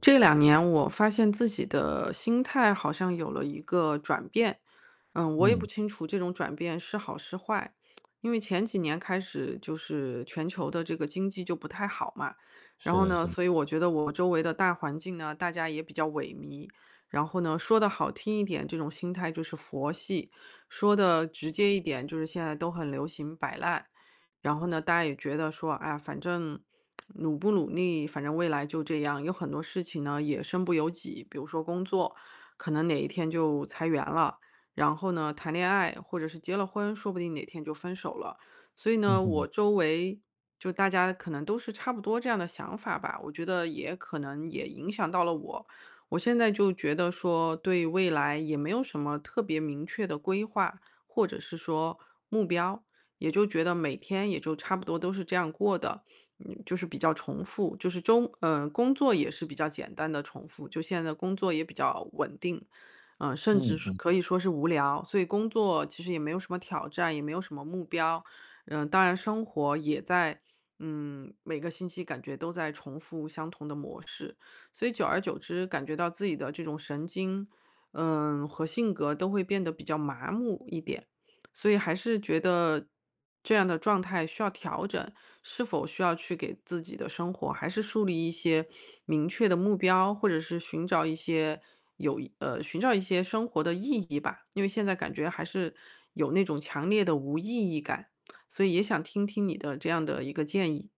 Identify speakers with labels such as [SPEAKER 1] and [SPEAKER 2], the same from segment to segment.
[SPEAKER 1] 这两年我发现自己的心态，好像有了一个转变，嗯，我也不
[SPEAKER 2] 嗯。
[SPEAKER 1] 清楚这种转变是好是坏。因为前几年开始，就是全球的这个经济就不太好嘛，然
[SPEAKER 2] 是
[SPEAKER 1] 后
[SPEAKER 2] 的
[SPEAKER 1] 呢，
[SPEAKER 2] 是的。
[SPEAKER 1] 所以我觉得我周围的大环境呢，大家也比较萎靡，然后呢，说得好听一点这种心态就是佛系，说得直接一点，就是现在都很流行摆烂。然后呢，大家也觉得说，哎呀，反正努不努力，反正未来就这样。有很多事情呢也身不由己，比如说工作，可能哪一天就裁员了。然后呢，谈恋爱或者是结了婚，说不定哪天就分手了。所以
[SPEAKER 2] 嗯
[SPEAKER 1] 呢，
[SPEAKER 2] 哼。
[SPEAKER 1] 我周围就大家可能都是差不多这样的想法吧，我觉得也可能也影响到了我。我现在就觉得说，对未来也没有什么特别明确的规划，或者是说目标，也就觉得每天也就差不多都是这样过的，嗯，就是比较重复。就是中呃，工作也是比较简单的重复，就现在工作也比较稳定，嗯，甚至
[SPEAKER 2] 嗯
[SPEAKER 1] 是
[SPEAKER 2] 嗯。
[SPEAKER 1] 可以说是无聊，所以工作其实也没有什么挑战，也没有什么目标。嗯，当然生活也在嗯，每个星期感觉都在重复相同的模式，所以久而久之，感觉到自己的这种神经，嗯，和性格都会变得比较麻木一点。所以还是觉得这样的状态需要调整，是否需要去给自己的生活，还是树立一些明确的目标？或者是寻找一些有意呃，寻找一些生活的意义吧。因为现在感觉，还是有那种强烈的无意义感，所以也想听听你的这样的一个建议。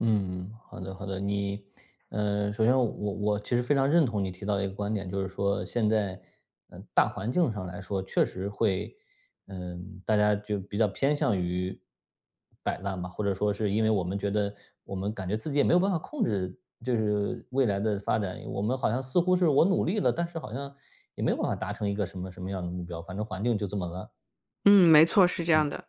[SPEAKER 2] 嗯，好的好的。你呃，首先我我其实非常认同你提到一个观点，就是说，现在，嗯，大环境上来说确实会呃，大家就比较偏向于摆烂吧。或者说是因为我们觉得我们感觉自己也没有办法控制就是未来的发展，我们好像似乎是我努力了，但是好像也没有办法达成一个什么什么样的目标，反正环境就这么烂。
[SPEAKER 1] 嗯，没错，是这
[SPEAKER 2] 嗯。
[SPEAKER 1] 样的。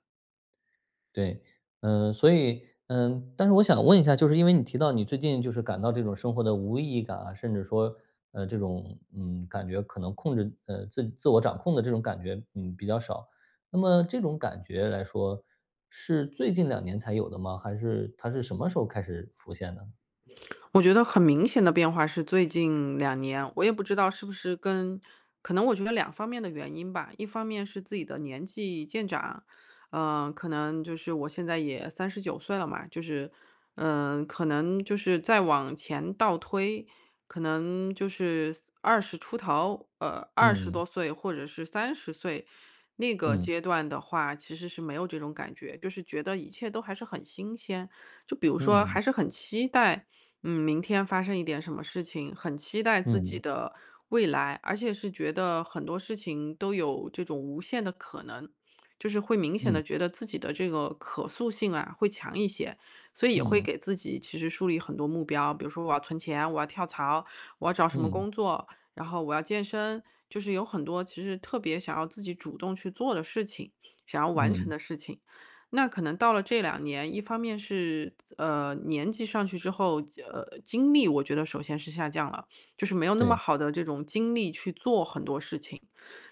[SPEAKER 2] 对，呃，所以嗯，但是我想问一下，就是因为你提到你最近，就是感到这种生活的无意义感啊，甚至说，呃，这种嗯，感觉可能控制呃，自自我掌控的这种感觉，嗯，比较少，那么这种感觉来说，是最近两年才有的吗？还是它是什么时候开始浮现的？
[SPEAKER 1] 我觉得很明显的变化是最近两年，我也不知道是不是跟可能我觉得两方面的原因吧。一方面是自己的年纪渐长，呃，可能就是我现在也39岁了嘛，就是嗯，可能就是再往前倒推，可能就是20出头呃，20
[SPEAKER 2] 嗯。
[SPEAKER 1] 多岁，或者是30岁那个
[SPEAKER 2] 嗯。
[SPEAKER 1] 阶段的话，其实是没有这种感觉，就是觉得一切都还是很新鲜。就比如说，
[SPEAKER 2] 嗯。
[SPEAKER 1] 还是很期待，嗯，明天发生一点什么事情，很期待自己
[SPEAKER 2] 嗯。
[SPEAKER 1] 的未来，而且是觉得很多事情，都有这种无限的可能。就是会明显
[SPEAKER 2] 嗯。
[SPEAKER 1] 地觉得自己的这个可塑性啊，会强一些。所以也会
[SPEAKER 2] 嗯嗯。
[SPEAKER 1] 给自己其实树立很多目标，比如说我要存钱，我要跳槽，我要找什么
[SPEAKER 2] 嗯。
[SPEAKER 1] 工作，然后我要健身，就是有很多其实特别想要自己主动去做的事情，想要完成
[SPEAKER 2] 嗯。
[SPEAKER 1] 的事情。那可能到了这两年，一方面是，呃，年纪上去之后，呃，精力我觉得首先是下降了，就是没有那么
[SPEAKER 2] 对。
[SPEAKER 1] 好的这种精力，去做很多事情。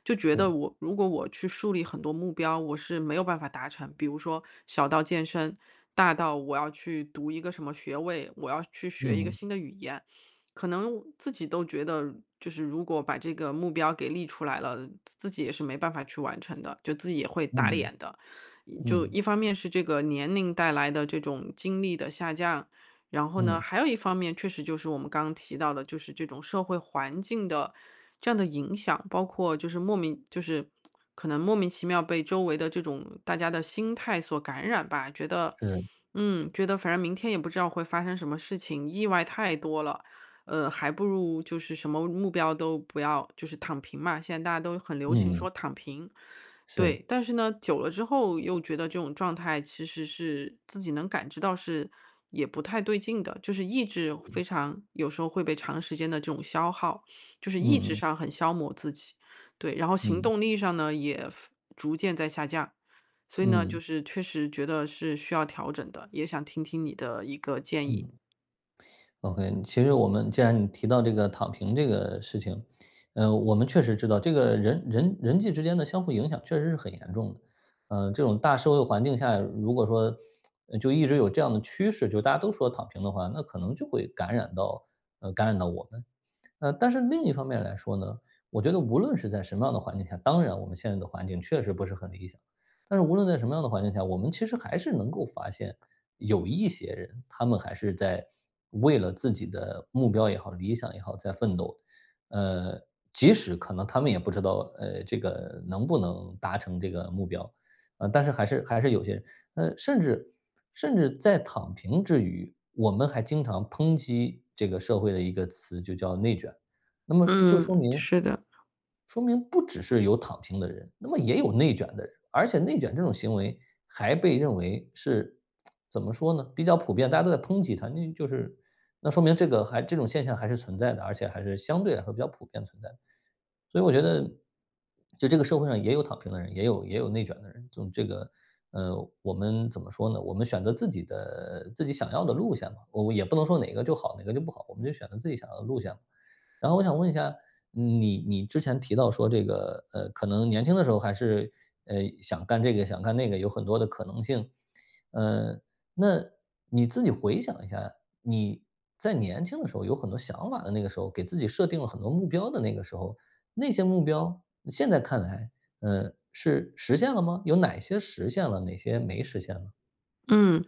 [SPEAKER 1] 就觉
[SPEAKER 2] 是。
[SPEAKER 1] 得我如果我去树立很多目标，我是没有办法达成，比如说小到健身，大到我要去读一个什么学位，我要去学一
[SPEAKER 2] 嗯
[SPEAKER 1] 个
[SPEAKER 2] 嗯。
[SPEAKER 1] 新的语言。可能自己都觉得，就是如果把这个目标给立出来了，自自己也是没办法去完成的，就自己也会打
[SPEAKER 2] 嗯
[SPEAKER 1] 脸的。
[SPEAKER 2] 嗯，
[SPEAKER 1] 就
[SPEAKER 2] 嗯。
[SPEAKER 1] 一方面是这个年龄带来的这种精力的下降，然后
[SPEAKER 2] 嗯。
[SPEAKER 1] 呢，还有一方面，确实就是我们刚提到的，就是这种社会环境的这样的影响。包括就是莫名就是 可能莫名其妙，被周围的这种大家的心态所感染吧，觉得
[SPEAKER 2] 是。
[SPEAKER 1] 嗯，觉得反正明天也不知道会发生什么事情，意外太多了，呃，还不如就是什么目标都不要，就是躺平嘛，现在大家都很流行
[SPEAKER 2] 嗯嗯。
[SPEAKER 1] 说躺平。对，
[SPEAKER 2] 是。
[SPEAKER 1] 但是呢，久了之后又觉得这种状态，其实是自己能感觉到是也不太对劲的。就是意志非常有时候会被长时间的这种消耗，就是意
[SPEAKER 2] 嗯
[SPEAKER 1] 志
[SPEAKER 2] 嗯。
[SPEAKER 1] 上很消磨自己。对，然后行
[SPEAKER 2] 嗯。
[SPEAKER 1] 动力上呢，也服逐渐在下降。所以呢，就
[SPEAKER 2] 嗯。
[SPEAKER 1] 是确实觉得是需要调整的，也想听听你的一个建议。
[SPEAKER 2] 嗯。OK，嗯，其实我们既然你提到这个躺平这个事情，呃，我们确实知道，这个人人人际之间的相互影响，确实是很严重的。呃，这种大社会环境下，如果说呃，就一直有这样的趋势，就大家都说躺平的话，那可能就会感染到呃，感染到我们。呃，但是另一方面来说呢，我觉得无论是在什么样的环境下当然我们现在的环境，确实不是很理想，但是无论在什么样的环境下，我们其实还是能够发现，有一些人，他们还是在为了自己的目标也好，理想也好，在奋斗。呃，即使可能他们也不知道，呃，这个能不能达成这个目标，呃，但是还是还是有些呃，甚至甚至在躺平之余，我们还经常抨击这个社会的一个词就叫内卷。那么，就说
[SPEAKER 1] 嗯，
[SPEAKER 2] 明
[SPEAKER 1] 是的。
[SPEAKER 2] 说明不只是有躺平的人，那么也有内卷的人。而且内卷这种行为，还被认为是 怎么说呢，比较普遍，大家都在抨击它。那就是那说明这个还这种现象还是存在的，而且还是相对来说比较普遍存在。所以我觉得，就这个社会上也有躺平的人，也有也有内卷的人。这种这个，呃，我们怎么说呢，我们选择自己的自己想要的路线吧。哦，也不能说哪个就好，哪个就不好，我们就选择自己想要的路线。然后我想问一下，你你之前提到说这个，呃，可能年轻的时候还是，呃，想干这个，想干那个，有很多的可能性。呃，那你自己回想一下，你在年轻的时候，有很多想法的那个时候，给自己设定了很多目标的那个时候。那些目标，现在看来，呃，是实现了吗？有哪些实现了，哪些没实现呢？
[SPEAKER 1] 嗯，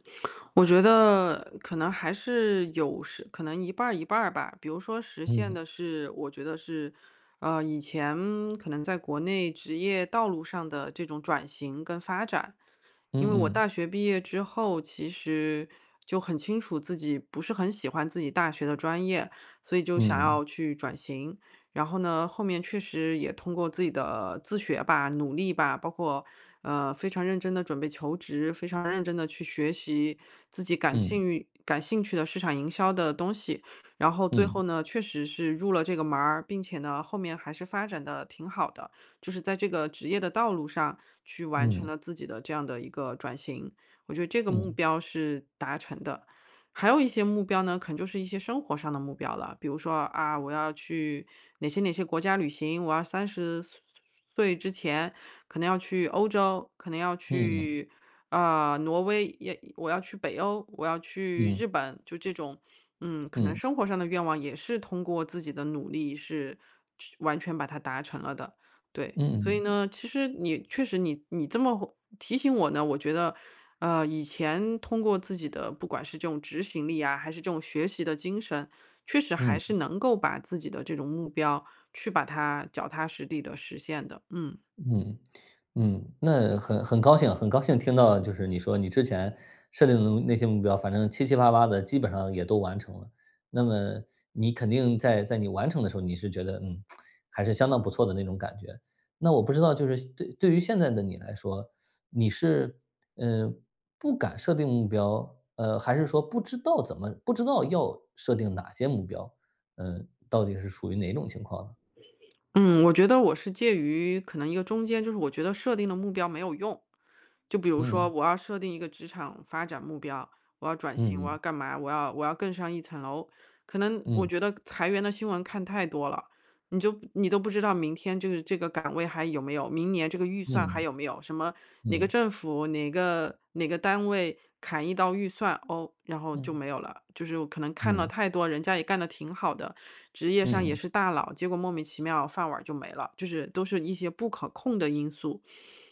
[SPEAKER 1] 我觉得可能还是有时可能一半儿一半儿吧。比如说实现
[SPEAKER 2] 嗯。
[SPEAKER 1] 的是我觉得是，呃，以前可能在国内职业道路上的这种转型跟发展。因
[SPEAKER 2] 嗯
[SPEAKER 1] 为我
[SPEAKER 2] 嗯。
[SPEAKER 1] 大学毕业之后其实就很清楚自己不是很喜欢自己大学的专业，所以就想
[SPEAKER 2] 嗯。
[SPEAKER 1] 要去转型。然后呢，后面确实也通过自己的自学吧、努力吧，包括，呃，非常认真地准备求职、非常认真地去学习自己感
[SPEAKER 2] 嗯。
[SPEAKER 1] 兴运感兴趣的市场营销的东西。然后最
[SPEAKER 2] 嗯。
[SPEAKER 1] 后呢，确实是入了这个门儿，并且呢后面还是发展得挺好的。就是在这个职业的道路上去完成
[SPEAKER 2] 嗯。
[SPEAKER 1] 了自己的这样的一个转型，我觉得这个目
[SPEAKER 2] 嗯。
[SPEAKER 1] 标是达成的。还有一些目标呢，可能就是一些生活上的目标了。比如说：“啊，我要去哪些哪些国家旅行，我要30岁岁-岁之前可能要去欧洲、可能要
[SPEAKER 2] 嗯嗯。
[SPEAKER 1] 去，呃，挪威，也我要去北欧、我要去
[SPEAKER 2] 嗯。
[SPEAKER 1] 日本。”就这种。嗯，可能
[SPEAKER 2] 嗯。
[SPEAKER 1] 生活上的愿望也是通过自己的努力是去完全把它达成了的，对。
[SPEAKER 2] 嗯
[SPEAKER 1] 所以
[SPEAKER 2] 嗯。
[SPEAKER 1] 呢，其实你确实你你这么会提醒我呢，我觉得，呃，以前通过自己的，不管是这种执行力啊，还是这种学习的精神，确实
[SPEAKER 2] 嗯。
[SPEAKER 1] 还是能够把自己的这种目标，去把它脚踏实地地实现的，嗯。
[SPEAKER 2] 嗯，嗯，那很很高兴很高兴听到就是你说你之前设定的那些目标，反正七七八八地基本上也都完成了。那么你肯定在在你完成的时候，你是觉得：“嗯，还是相当不错的”那种感觉。那我不知道就是现对对于现在的你来说，你是，呃，不敢设定目标，呃，还是说不知道怎么不知道要设定哪些目标。呃，到底是属于哪种情况呢？
[SPEAKER 1] 嗯，我觉得我是介于可能一个中间，就是我觉得设定的目标没有用。就比如说
[SPEAKER 2] 嗯。
[SPEAKER 1] 我要设定一个职场发展目标、我要转型、
[SPEAKER 2] 嗯
[SPEAKER 1] 我要
[SPEAKER 2] 嗯。
[SPEAKER 1] 干嘛、我要我要更上一层楼。可能我
[SPEAKER 2] 嗯。
[SPEAKER 1] 觉得裁员的新闻看太多了，你就你都不知道明天就是这个岗位还有没有、明年这个预算还
[SPEAKER 2] 嗯。
[SPEAKER 1] 有没有，什么哪个
[SPEAKER 2] 嗯。
[SPEAKER 1] 政府、哪个哪个单位砍一刀预算，哦，然后就
[SPEAKER 2] 嗯。
[SPEAKER 1] 没有了。就是我可能看了
[SPEAKER 2] 嗯。
[SPEAKER 1] 太多人家也干得挺好的，职业上也
[SPEAKER 2] 嗯。
[SPEAKER 1] 是大佬，结果莫名其妙饭碗儿就没了，就是都是一些不可控的因素。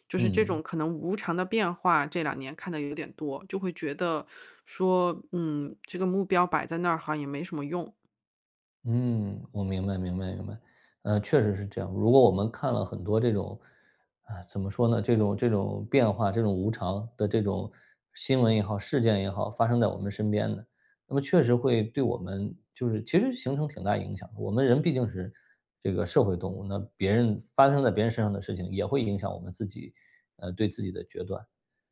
[SPEAKER 1] 就是
[SPEAKER 2] 嗯
[SPEAKER 1] 这
[SPEAKER 2] 嗯。
[SPEAKER 1] 种可能无常的变化，这两年看得有点多，就会觉得，说：“嗯，这个目标摆在那儿好像也没什么用。”
[SPEAKER 2] 嗯，我明白明白明白，呃，确实是这样。如果我们看了很多这种啊，怎么说呢，这种这种变化，这种无常的这种新闻也好，事件也好，发生在我们身边的，那么确实会对我们就是其实形成挺大影响的。我们人毕竟是这个社会动物，那别人发生在别人身上的事情，也会影响我们自己呃，对自己的决断。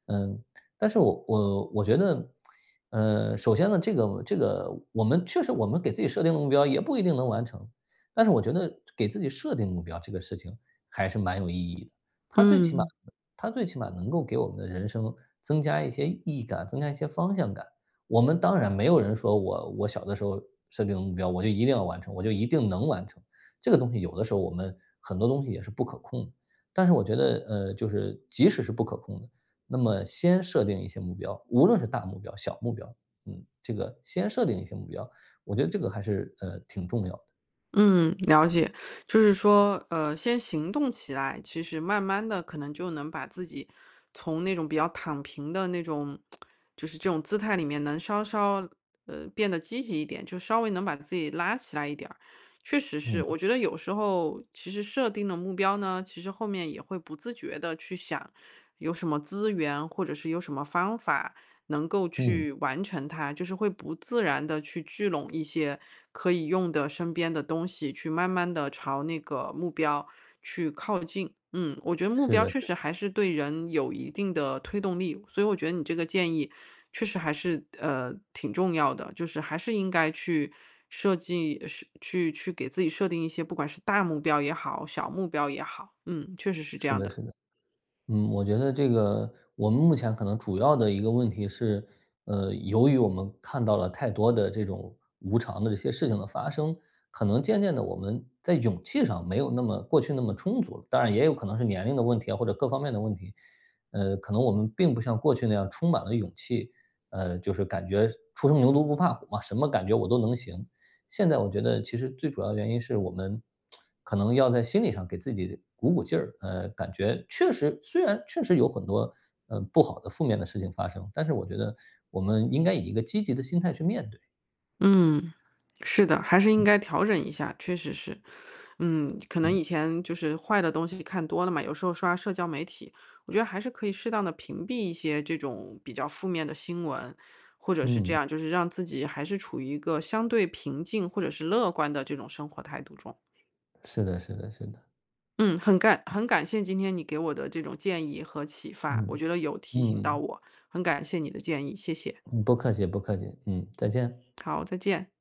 [SPEAKER 2] 呃，但是我我我觉得，呃，首先呢，这个这个我们确实我们给自己设定的目标也不一定能完成。但是我觉得，给自己设定目标这个事情，还是蛮有意义的，它最起码
[SPEAKER 1] 嗯。
[SPEAKER 2] 它最起码，能够给我们的人生，增加一些意义感，增加一些方向感，我们当然没有人说，我我小的时候设定的目标，我就一定要完成，我就一定能完成，这个东西有的时候，我们很多东西也是不可控的。但是我觉得，呃，就是即使是不可控的，那么先设定一些目标，无论是大目标、小目标，嗯，这个先设定一些目标，我觉得这个还是，呃，挺重要。
[SPEAKER 1] 嗯，了解，就是说，呃先行动起来，其实慢慢的，可能就能把自己从那种比较躺平的那种 就是这种姿态里面能稍稍呃变得积极一点，就稍微能把自己拉起来一点儿，确实是，我
[SPEAKER 2] 嗯。
[SPEAKER 1] 觉得有时候其实设定的目标呢，其实后面也会不自觉地去想，有什么资源或者是有什么方法能够
[SPEAKER 2] 嗯。
[SPEAKER 1] 去完成它，就是会不自然地去聚拢一些可以用的身边的东西去慢慢的朝那个目标去靠近。嗯我觉得目
[SPEAKER 2] 是
[SPEAKER 1] 标
[SPEAKER 2] 的是
[SPEAKER 1] 确
[SPEAKER 2] 的。
[SPEAKER 1] 实还是对人有一定的推动力，所以我觉得你这个建议确实还是，呃挺重要的，就是还是应该去设计去去给自己设定一些不管是大目标也好小目标也好，嗯，确实是这
[SPEAKER 2] 是
[SPEAKER 1] 样
[SPEAKER 2] 的
[SPEAKER 1] 的。
[SPEAKER 2] 是的，嗯，我觉得这个我们目前可能主要的一个问题是，呃由于我们看到了太多的这种无常的这些事情的发生，可能渐渐的我们在勇气上没有那么过去那么充足，当然也有可能是年龄的问题啊，或者各方面的问题，呃可能我们并不像过去那样充满了勇气，呃就是感觉初生牛犊不怕虎嘛，什么感觉我都能行，现在我觉得其实最主要的原因是我们 可能要在心理上给自己鼓鼓劲儿，呃感觉确实虽然确实有很多，呃不好的负面的事情发生，但是我觉得我们应该以一个积极的心态去面对。
[SPEAKER 1] 嗯，是的，还是应该调整一下，确实是。嗯，可能以前就是坏的东西看多了嘛，有时候刷社交媒体，我觉得还是可以适当地屏蔽一些这种比较负面的新闻，或者是这
[SPEAKER 2] 嗯。
[SPEAKER 1] 样就是让自己还是处于一个相对平静或者是乐观的这种生活态度中。
[SPEAKER 2] 是的是的是的。
[SPEAKER 1] 嗯，很感很感谢今天你给我的这种建议和启发，我
[SPEAKER 2] 嗯
[SPEAKER 1] 觉得有提醒到
[SPEAKER 2] 嗯。
[SPEAKER 1] 我，很感谢你的建议，谢谢。
[SPEAKER 2] 嗯，不客气不客气，嗯，再见。
[SPEAKER 1] 好，再见。